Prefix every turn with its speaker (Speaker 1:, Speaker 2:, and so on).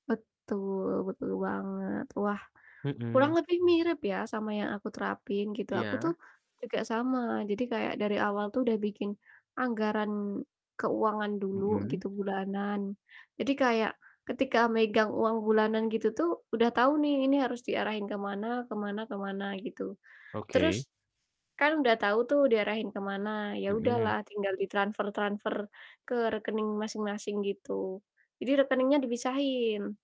Speaker 1: Betul, betul banget. Wah, kurang
Speaker 2: Mhm.
Speaker 1: lebih mirip ya sama yang aku terapin gitu. Aku tuh
Speaker 2: Iya.
Speaker 1: juga sama. Jadi kayak dari awal tuh udah bikin anggaran keuangan dulu
Speaker 2: Mhm.
Speaker 1: gitu, bulanan. Jadi kayak ketika megang uang bulanan gitu tuh udah tau nih ini harus diarahin ke mana ke mana ke mana gitu,
Speaker 2: Oke.
Speaker 1: terus kan udah tau tuh diarahin ke mana, ya udahlah
Speaker 2: Mhm.
Speaker 1: tinggal di transfer-transfer ke rekening masing-masing gitu, jadi rekeningnya dipisahin.